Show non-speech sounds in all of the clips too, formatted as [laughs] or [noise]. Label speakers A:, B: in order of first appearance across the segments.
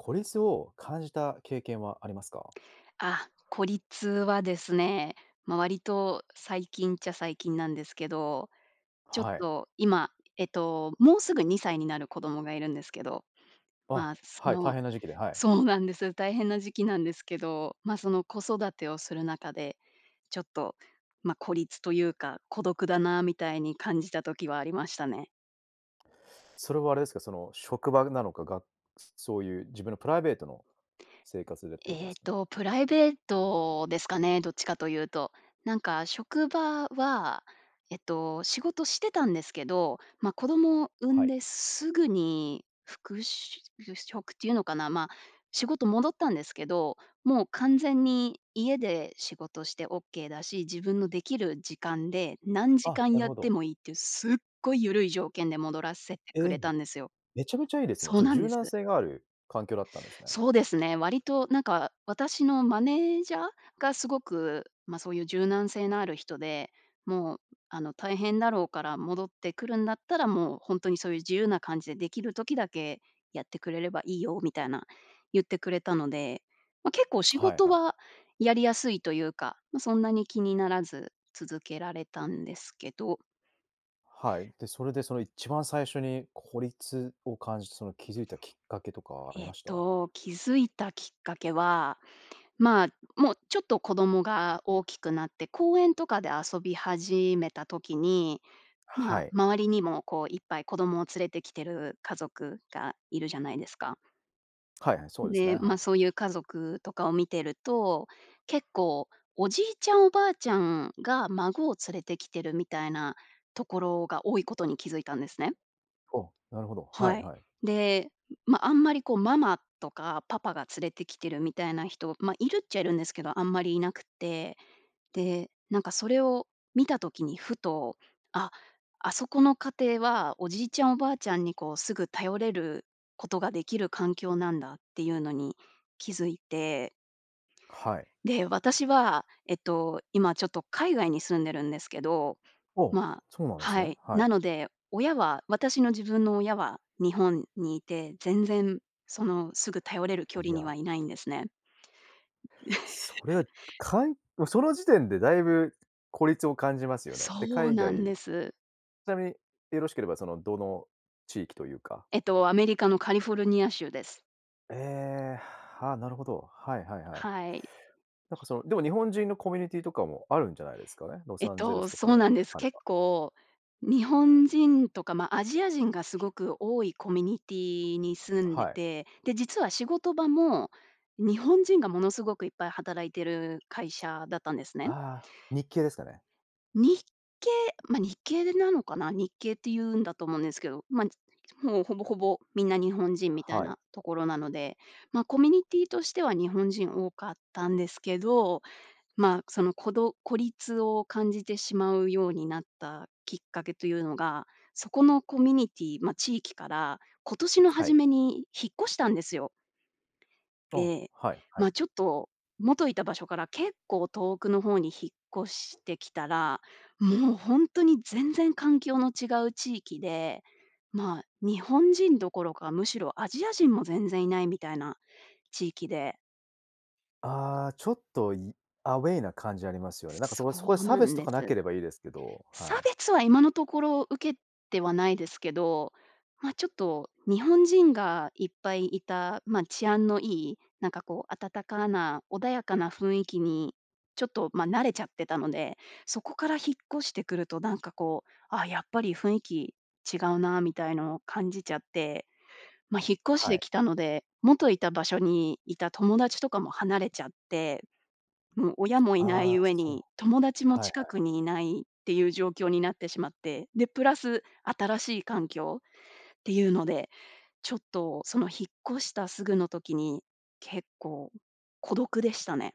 A: 孤立を感じた経験はありますか？
B: あ、孤立はですね、ま、割と最近っちゃ最近なんですけど。ちょっ
A: はい。
B: と、今、えっと、もうすぐ2歳になる子供がいるんですけど、
A: あ、
B: まあ、そ
A: はい。大
B: の
A: 変な時期で、はい。
B: そうなんです、大変な時期なんですけど、まあ、その、子育てをする中で、ちょっと、ま、孤立というか、孤独だなみたいに感じた時はありましたね。
A: それはあれですか、その、職場ぐなのか、がそういう自分のプライベートの生活でってことで
B: ええ
A: すかね？
B: と、プライベートですかね、どっちかというと。なんか職場は、えっと、仕事してたんですけど、ま、子供を産
A: は
B: ん
A: い。
B: ですぐに復しゅうぐ職っていうのかな、ま、仕事戻ったんですけど、もう完全に家で仕事してオッケーだし、自分のできる時間で何時
A: あ、
B: 間
A: なる
B: やっ
A: ほ
B: て
A: ど。
B: もいいっていう、すっごい緩い条件で戻らせて
A: え
B: くれ
A: え、
B: たんですよ。
A: めちゃめちゃいいですね。
B: そ
A: ち
B: う
A: ょ、
B: なんで
A: 柔
B: す。
A: 軟性がある環境だったんですね。
B: そうですね。割となんか、私のマネージャーがすごく、ま、そういう柔軟性のある人で、もう、ん、あの、大変だろうから戻ってくるんだったら、もう、ほんとにそういう自由な感じで、出来る時だけやってくれればいいよ、みたいな言ってくれたので、ま、結構仕
A: はい
B: 事
A: はい。
B: はやりやすいというか、ま、そんなに気にならず、続けられたんですけど。
A: はい。で、それで、その、いっちばん最初に孤立を感じて、その、気づいたきっかけとかあり
B: えっ
A: ました？
B: と、気づいたきっかけは、まあ、もうちょっと子供が大きくなって、公園とかで遊び始めた時に、ま
A: は
B: あ、
A: い。
B: 周りにも、こう、いっぱい子供を連れてきてる家族がいるじゃないですか。
A: はいはい。そ
B: う
A: う
B: ん、
A: ですね、
B: で、
A: は
B: ま、
A: い。
B: そういう家族とかを見てると、結構、おじいちゃんおばあちゃんが、孫を連れて来てるみたいなところが多いことに気づいたんですね。
A: ほ、なるほど、は
B: は
A: い
B: い。
A: はい。
B: で、ん、ま、あんまり、こう、ママとかパパが連れてきてるみたいな人、ま、いるっちゃいるんですけど、あんまりいなくって。で、なんか、それを見た時に、ふと「あ、あそこの家庭は、おじいちゃんおばあちゃんに、こう、すぐ頼れることができる環境なんだ」っていうのに気づいて。
A: はい。
B: で、私は、えっと、今、ちょっと海外に住んでるんですけど、
A: おお、
B: まあ
A: そうなんす
B: は
A: ね、
B: い。
A: はい。
B: なので、親は私の自分の親は日本にいて、全然、その、すぐ頼れる距
A: い
B: 離に
A: や。
B: はいないんですね。う
A: それ、
B: [chuckles]
A: かいもうその時点で、だいぶ孤立を感じますよね。で、
B: そう
A: 海
B: な
A: 外
B: ん
A: ち
B: です。
A: なみに、よろしければ、その、どの地域というか？
B: えっと、アメリカのカリフォルニア州です。
A: ええ、はあ、なるほど。はいはいはい。
B: はい。
A: なんか、その、でも、日本人のコミュニティとかもあるんじゃないですかね？ロ
B: えっ
A: サンゼル
B: と、
A: スとかで
B: そうなんです。
A: あれ
B: 結
A: ば。
B: 構、日本人とか、ま、アジア人がすごく多いコミュニティに住んで
A: はい。
B: て、で、実は仕事場も、日本人がものすごくいっぱい働いてる会社だったんですね。
A: ああ、日系ですかね？
B: 日系ま、日系でなのかな、日系って言うんだと思うんですけど、まんち [unintelligible] もう、ほぼほぼ、みんな日本人みたい
A: はい。
B: なところなので、ま、コミュニティとしては、日本人多かったんですけど、まあ、その、こど孤立を感じてしまうようになったきっかけというのが、そこのコミュニティま、地域から、今年の
A: は
B: 初
A: い。
B: めに引っ越したんですよ。
A: あ、
B: で、
A: はい、はい。
B: ま、ちょっと、元いた場所から、結構、遠くの方に引っ越してきたら、もう、ほんとに、全然、環境の違う地域で、まあ、日本人どころか、むしろ、アジア人も全然いないみたいな地域で。
A: ああ、ちょっといアウェイな感じありますよね。なんかそ
B: そ
A: こそこで
B: う
A: 差
B: な
A: 別
B: ん
A: と
B: で
A: かな
B: す。
A: ければいいですけど、
B: 差
A: はい。
B: 別は今のところ受けてはないですけど、まあちょっと、日本人がいっぱいいた、まあ治安のいい、なんかこう、暖かな穏やかな雰囲気に、ちょっとまあ慣れちゃってたので、そこから引っ越してくるとなんかこう、ああ、やっぱり雰囲気違うなみたいのを感じちゃって、まあ、引っ越し
A: は
B: て
A: い。
B: 来たので、元いた場所にいた友達とかも離れちゃって、もう親もいな
A: あ
B: い
A: あ、
B: 上
A: そう。
B: に、友達も
A: はいは
B: 近
A: い。
B: くにいないっていう状況になってしまって、で、プラス、新しい環境っていうので、ちょっとその引っ越したすぐの時に、結構、孤独でしたね。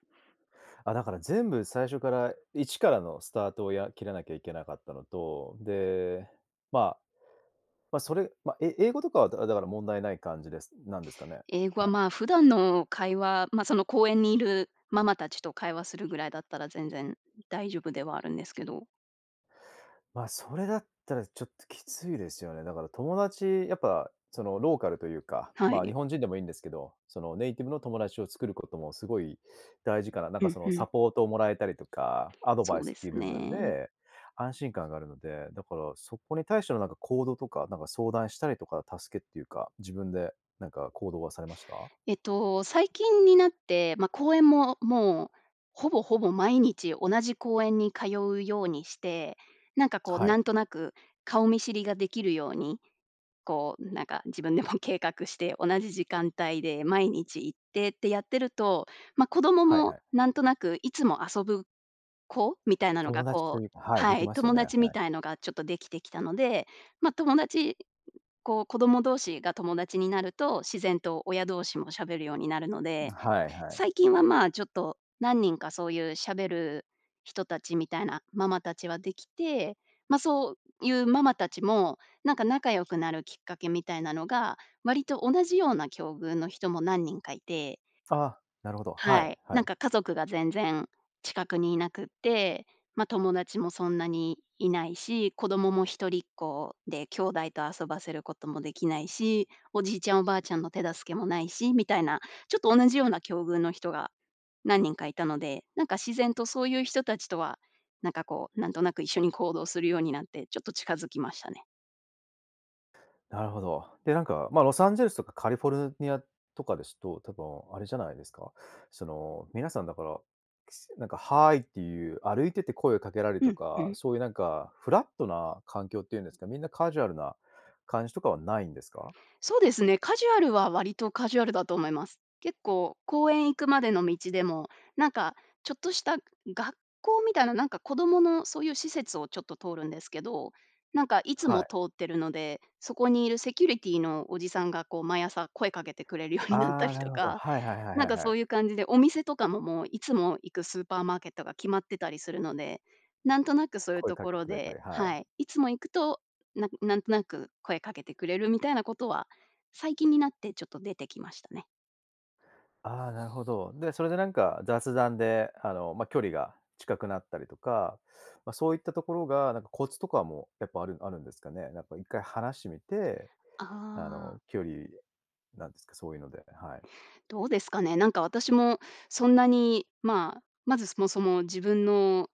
A: あ、だから全部最初から、一からのスタートを、や切らなきゃいけなかったのと、で、まあ、まあ、それ、まあ、え英語とかはだだから問題ない感じですなんですかね？
B: 英語
A: は
B: は
A: い。
B: まあ、普段の会話、ま、その公園にいるママたちと会話するぐらいだったら全然大丈夫ではあるんですけど。
A: まあ、それだったらちょっときついですよね。だから友達やっぱその、ローカルというか、
B: は
A: まあ、
B: い。
A: 日本人でもいいんですけど、その、ネイティブの友達を作ることもすごい大事かな、なん
B: う
A: か
B: ん
A: その、
B: う
A: サ
B: ん。
A: ポートをもらえたりとか、アドバ
B: そ
A: イ
B: う
A: ス
B: で
A: っていう
B: す
A: 部分
B: ね。
A: で安心感があるので、だからそこに対してのなんか行動とか、なんか相談したりとか助けっていうか、自分でなんか行動はされました？
B: えっと、最近になって、ま、公園ももう、ほぼほぼ毎日同じ公園に通うようにして、なんかこう、
A: はい。
B: なんとなく顔見知りができるように、こう、なんか自分でも計画して、同じ時間帯で毎日行って、ってやってると、ま、子供
A: はいは
B: も
A: い。
B: なんとなくいつも遊ぶ子みたいなのが
A: 友達と
B: こう
A: いうかはい、で
B: は
A: き
B: い、
A: ますよ
B: 友
A: ね、
B: 達み
A: はい。
B: たいのがちょっとできてきたので、まあ、友達こう子供同士が友達になると、自然と親同士も喋るようになるので、
A: はいはい。
B: 最近はまあ、ちょっと、何人かそういう喋る人たちみたいなママたちはできて、まあ、そういうママたちも、なんか仲良くなるきっかけみたいなのが、割と同じような境遇の人も何人かいて。
A: ああ、なるほど、は
B: は
A: い、
B: い、
A: は
B: なん
A: い。
B: か家族が全然近くにいなくって、まあ、友達もそんなにいないし、子供も一人っ子で兄弟と遊ばせることもできないし、おじいちゃんおばあちゃんの手助けもないしみたいな、ちょっと同じような境遇の人が何人かいたので、なんか自然とそういう人たちとは、なんかこう、なんとなく一緒に行動するようになって、ちょっと近づきましたね。
A: なるほど。で、なんか、まあ、ロサンゼルスとかカリフォルニアとかですと、多分、あれじゃないですか。その、皆さん、だから、なんか、「Hi」っていう、歩いてて声をかけられる
B: う
A: と
B: んう
A: か、
B: ん。
A: そういう、なんか、フラットな環境っていうんですか、みんな、カジュアルな感じとかはないんですか？
B: そうですね、カジュアルは、割とカジュアルだと思います。結構、公園行くまでの道でも、なんか、ちょっとした学校みたいな、なんか、子供のそういう施設を、ちょっと通るんですけど、なんか、いつ
A: は
B: も
A: い。
B: 通ってるので、そこにいるセキュリティのおじさんが、こう、毎朝声かけてくれるようになっ
A: あ
B: た
A: あ、
B: り
A: なる
B: と
A: ほど。
B: か、
A: はいはいはい
B: なん
A: はい
B: か、
A: は
B: そ
A: い。
B: ういう感じで、お店とかも、もう、いつも行くスーパーマーケットが決まってたりするので、なんとなく、そういう
A: 声
B: と
A: か
B: こ
A: けて
B: ろ
A: くれた
B: で、
A: り。は
B: は
A: い。
B: い、いつも行くと、ななんとなく声かけてくれるみたいなことは、最近になって、ちょっと出てきましたね。
A: ああ、なるほど。で、それで、なんか、雑談で、あの、ま、距離が近くなったりとか、ま、そういったところが、なんか、コツとかも、やっぱあるあるんですかね？なんか1回話してみて、
B: あ
A: あ
B: あ。
A: の、距離、なんですか、そういうので、はい。
B: どうですかね。なんか、私も、そんなに、まあ、まず、そもそも、自分の、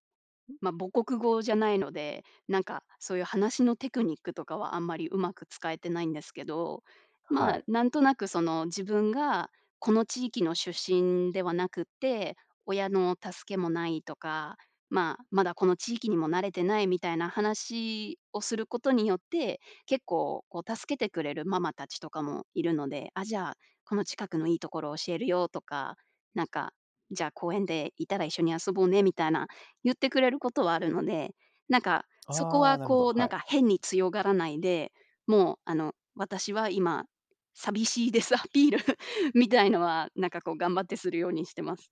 B: まあ、母国語じゃないので、なんか、そういう、話のテクニックとかは、あんまり、上手く使えてないんですけど、
A: は
B: まあ、
A: い。
B: なんとなく、その、自分が、この地域の出身ではなくって、親の助けもないとか、まあ、まだ、この地域にも慣れてない、みたいな話をすることによって、結構、こう、助けてくれるママ達とかもいるので、「あ、じゃあ、この近くのいいところを教えるよ」とか、なんか、「じゃあ、公園でいたら一緒に遊ぼうね」みたいな、言ってくれることはあるので、なんか、そこ
A: ああ、
B: は、
A: なるほど、
B: こう、
A: は
B: なん
A: い。
B: か、変に強がらないで、もう、あの、私は今、寂しいですアピールみたいのは、なんか、こう、頑張ってするようにしてます。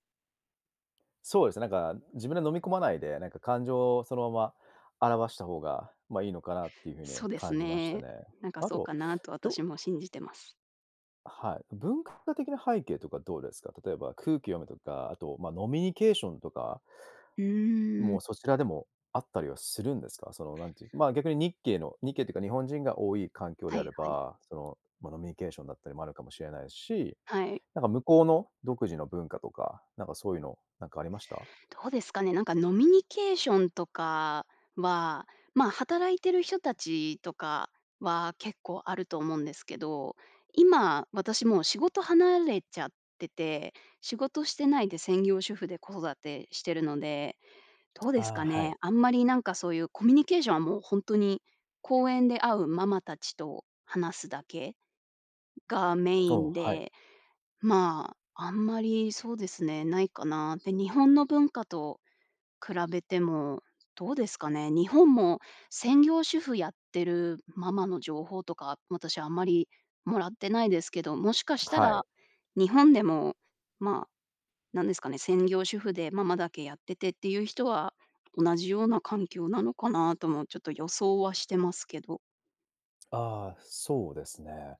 A: そうですね、なんか、自分で飲み込まないで、なんか、感情をそのまま表した方が、ま、いいのかなっていう風に
B: そうです
A: 感じました
B: ね。
A: ね。
B: なんか、
A: あ
B: そう
A: と、
B: かなと、
A: ど
B: 私も信じてます。
A: はい。文化的な背景とかどうですか？例えば空気読むとか、あと、ま、飲みニケーションとか
B: うーん。
A: も、そちらでもあったりはするんですか？その、なんていう、ま、逆に日系の日系っていうか、日本人が多い環境
B: は
A: であ
B: い
A: れ
B: はい。
A: ば、その、ま、飲みニケーションだったりもあるかもしれないし、
B: はい。
A: なんか、向こうの独自の文化とか、なんか、そういうの、なんか、ありました？
B: どうですかね、なんか、飲みニケーションとかは、ま、働いてる人たちとかは、結構、あると思うんですけど、今、私、もう、仕事離れちゃってて、仕事してないで専業主婦で、子育てしてるので。どうです
A: ああ、
B: か
A: は
B: ね、
A: い。
B: あんまり、なんか、そういうコミュニケーションは、もう、ほんとに、公園で会うママ達と話すだけがメ
A: お
B: イ
A: お、
B: ン
A: はい。
B: で、まあ、あんまり、そうですね、ないかな。で、日本の文化と比べても、どうですかね、日本も、専業主婦やってるママの情報とか、私、あんまり、もらってないですけど、もしかした
A: はい。
B: ら、日本でも、まあ、何ですかね、専業主婦で、ママだけやっててっていう人は、同じような環境なのかなとも、ちょっと予想はしてますけど。
A: ああ、そうですね。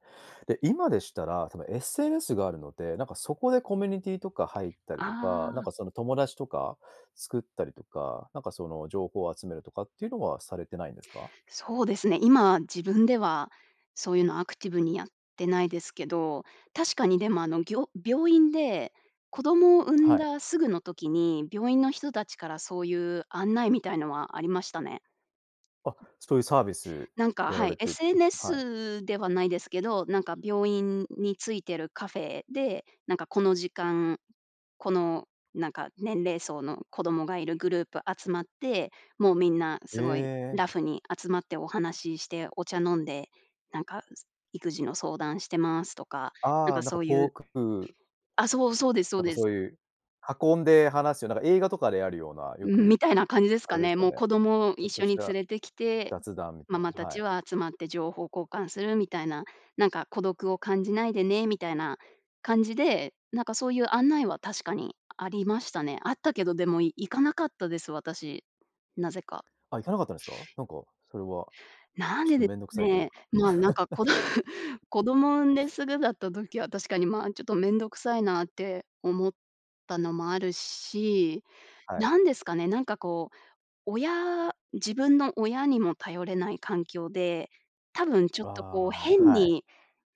A: で、今でしたら、その SNS があるので、なんかそこでコミュニティとか入ったり
B: あ
A: とか、なん
B: あ。
A: かその友達とか作ったりとか、なんかその情報を集めるとかっていうのはされてないんですか？
B: そうですね、今自分では、そういうのアクティブにやってないですけど、確かにでも、あの、ぎょ病院で、子供を産ん
A: はい。
B: だすぐの時に、病院の人たちからそういう案内みたいのはありましたね。
A: あ、
B: うん。
A: そういうサービス
B: なんか、
A: やら
B: は
A: れ
B: い、
A: てうん、はい。
B: SNS ではないですけど、なんか病院についてるカフェで、なんかこの時間、この、なんか年齢層の子供がいるグループ集まって、もうみんな
A: え
B: すごい
A: え。
B: ラフに集まってお話しして、お茶飲んで、なんか、す育児の相談してますとか、なん
A: あ
B: か
A: あ、なんか
B: そうい
A: ポ
B: う
A: ークプー
B: あ、そう、そうですそ
A: な
B: う
A: んか
B: で
A: そ
B: す。
A: ういう、運んで話すような、なんか映画とかであるような、よ
B: うん、み
A: く、
B: たいな感じです
A: あ
B: か
A: れです
B: ね。
A: か
B: もう
A: ね、
B: 子供を
A: ちょっ
B: 一
A: と
B: 緒
A: し
B: に連
A: た
B: れてきて、
A: 雑談みた
B: マ
A: い
B: マ
A: な、
B: た
A: は
B: ち
A: い。
B: は集まって情報交換するみたいな、なんか孤独を感じないでね、みたいな感じで、なんかそういう案内は確かにありましたね。あったけど、でも、い行かなかったです、私。なぜか。
A: あ、行かなかったんすか？なんかそれは
B: なん
A: ちょっ
B: で
A: と
B: で
A: めんどくさいという
B: ね、
A: か。
B: まあ、なんかこど
A: [laughs]
B: 子供を産んですぐだった時は、確かに、まあ、ちょっとめんどくさいなって思ったのもあるし、
A: はい。
B: 何ですかね、なんかこう、親自分の親にも頼れない環境で、多分ちょっとこう
A: ああ、
B: 変
A: はい。
B: に、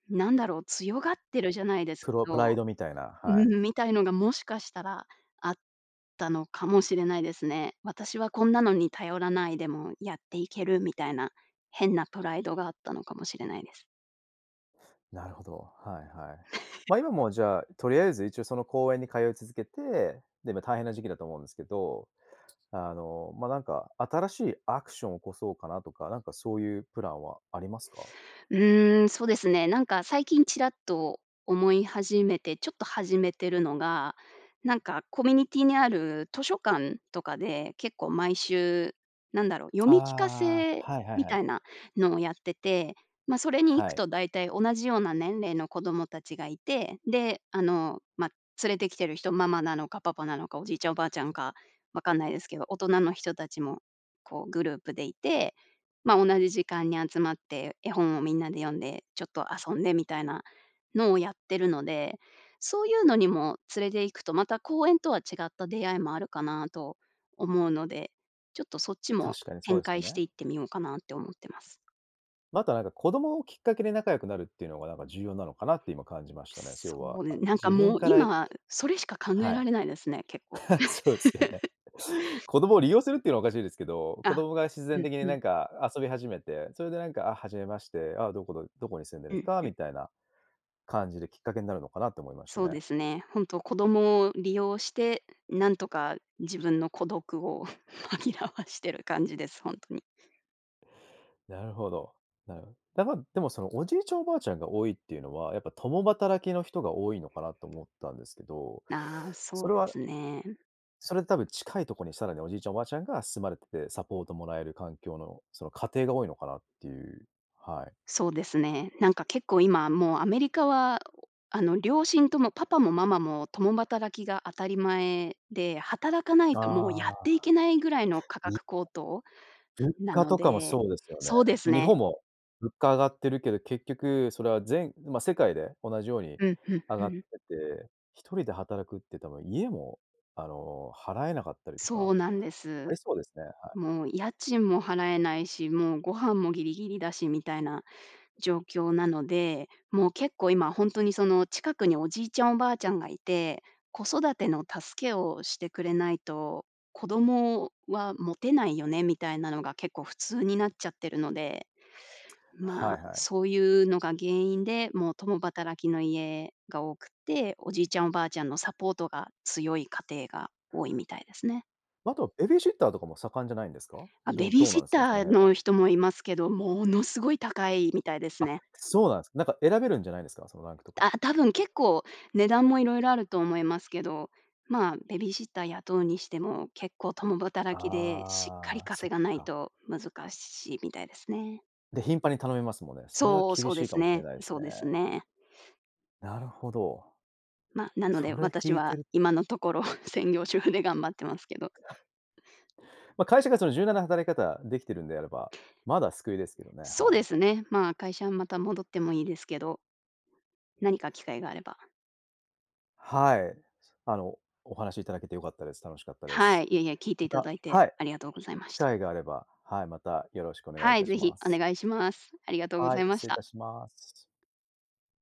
B: なんだろう、強がってるじゃないです
A: プ
B: け
A: ロプ
B: ど、
A: ライドみたいな、はい。
B: うん、みたいのがもしかしたら、あったのかもしれないですね。私はこんなのに頼らないでもやっていけるみたいな、変なプライドがあったのかもしれないです。
A: なるほど、はいはい。ま
B: [chuckles]
A: あ、今もじゃあ、とりあえず一応その公園に通い続けて、で、まあ、大変な時期だと思うんですけど、あの、まあ、なんか新しいアクションを起こそうかなとか、なんか、そういうプランはありますか？
B: うーん、そうですね、なんか最近ちらっと思い始めて、ちょっと始めてるのが、なんかコミュニティにある図書館とかで、結構毎週、なんだろう、読み聞か
A: ああ、
B: せ
A: はいはい
B: み
A: はい。
B: たいなのをやってて、ま、それに行
A: は
B: く
A: い。
B: と大体、同じような年齢の子供たちがいて、で、あの、まあ、連れてきてる人、ママなのか、パパなのか、おじいちゃん、おばあちゃんか、分かんないですけど、大人の人たちも、こうグループでいて、まあ、同じ時間に集まって、絵本をみんなで読んで、ちょっと遊んでみたいなのをやってるので、そういうのにも連れていくと、また公園とは違った出会いもあるかなと思うので、ちょっとそっちも
A: 確かにそう
B: 展
A: ですよ
B: 開して
A: ね。
B: いってみようかなって思ってます。
A: またなんか、子供をきっかけで仲良くなるっていうのがなんか、重要なのかなって今感じましたね、
B: そ
A: 要は、
B: うで
A: あ、
B: なんか
A: 自分
B: もう
A: からい
B: 今それしか考え
A: は
B: ら
A: い。
B: れないですね、結構。
A: [chuckles] そうですよね。
B: [laughs]
A: 子供を利用するっていうのはおかしいですけど、子
B: あ、
A: 供が自
B: う
A: 然
B: ん
A: 的に
B: うん。
A: なんか遊び始めて、それでなんか「あ、初めまして、ああ、どこのどこに住んでるん
B: う
A: です
B: ん
A: か？」
B: うん。
A: みたいな、感じできっかけになるのかなと思いました
B: そう
A: ね。
B: ですね、ほんと子供を利用して、なんとか自分の孤独を [chuckles] 紛らわしてる感じです、ほんとに。
A: なるほど。なるほだ、ま、でもその、おじいちゃんおばあちゃんが多いっていうのは、やっぱ共働きの人が多いのかなと思ったんですけど、
B: なあ、
A: そ
B: そう
A: れ
B: で
A: は
B: すね。
A: それで多分近いとこに、さらにおじいちゃんおばあちゃんが住まれてて、サポートもらえる環境のその、家庭が多いのかなっていう、はい。
B: そうですね。なんか結構今もうアメリカは、あの、両親ともパパもママも共働きが当たり前で、働かないともうやっ
A: ああ。
B: ていけないぐらいの価
A: いはい。
B: 格高騰
A: 物
B: な
A: 価
B: の
A: とかも
B: で、
A: そうですよね。
B: そうです
A: ま、日
B: ね。
A: 本も、物価上がってるけど、結局それはぜんま、世界で同じように
B: うん、ふん
A: 上
B: ふ
A: がって
B: ん。
A: て、一人で働くって多分、家も、あの、払えなかったりと
B: そ
A: か、
B: うなんです。
A: ありそうですね、はい。
B: もう家賃も払えないし、もうご飯もぎりぎりだしみたいな状況なので、もう結構、今ほんとにその、近くにおじいちゃんおばあちゃんがいて、子育ての助けをしてくれないと、子供は持てないよね、みたいなのが結構普通になっちゃってるので、
A: はい
B: ま、
A: はい。
B: そういうのが原因で、もう共働きの家が多くって、おじいちゃんおばあちゃんのサポートが強い家庭が多いみたいですね。
A: ま、あとは、ベビーシッターとかも盛んじゃないんですか？
B: あ、ベ
A: ど
B: ビー
A: どう
B: シ
A: な
B: ッ
A: んすか、そ
B: タ
A: の
B: ー
A: 辺
B: の
A: は？
B: 人もいますけど、ものすごい高いみたいです
A: あ、
B: ね。
A: そうなんすか。なんか選べるんじゃないんですか？そのランクとか。
B: あ、多分結構値段も色々あると思いますけど。まあ、ベビーシッター雇うにしても、結構共働きで、しっかり
A: ああ、そ
B: 稼
A: っ
B: がない
A: か。
B: と難しいみたいですね。
A: で、頻繁に頼みますもね。それは
B: そう、
A: 厳
B: そう
A: し
B: で
A: いか
B: す
A: もしれ
B: ね、
A: ないす
B: そ
A: ね。
B: うですね。
A: なるほど。
B: ま、なの
A: そ
B: で、
A: れ
B: 私
A: きいて
B: は
A: る
B: 今のところ専業主婦で頑張ってますけど。
A: ま、会社がその、柔軟な働き方できてるんであれば、まだ救いですけどね、
B: そう
A: は
B: で
A: い。
B: すね、ま、会社はまた戻ってもいいですけど何か機会があれば。
A: はい。あの、お話いただけて良かったです。楽しかったで
B: は
A: す。
B: い、いえいえ、聞いて
A: ま
B: いた
A: た
B: だいて
A: はい、
B: ありがとうございま
A: 機
B: した。
A: 会があれば、はい、またよろしくお願いい
B: はい、
A: た
B: 是
A: し
B: 非
A: ま
B: お
A: す。
B: 願いします。ありがとうご
A: は
B: ざ
A: い、
B: いま
A: 失
B: し
A: 礼い
B: た。
A: たします。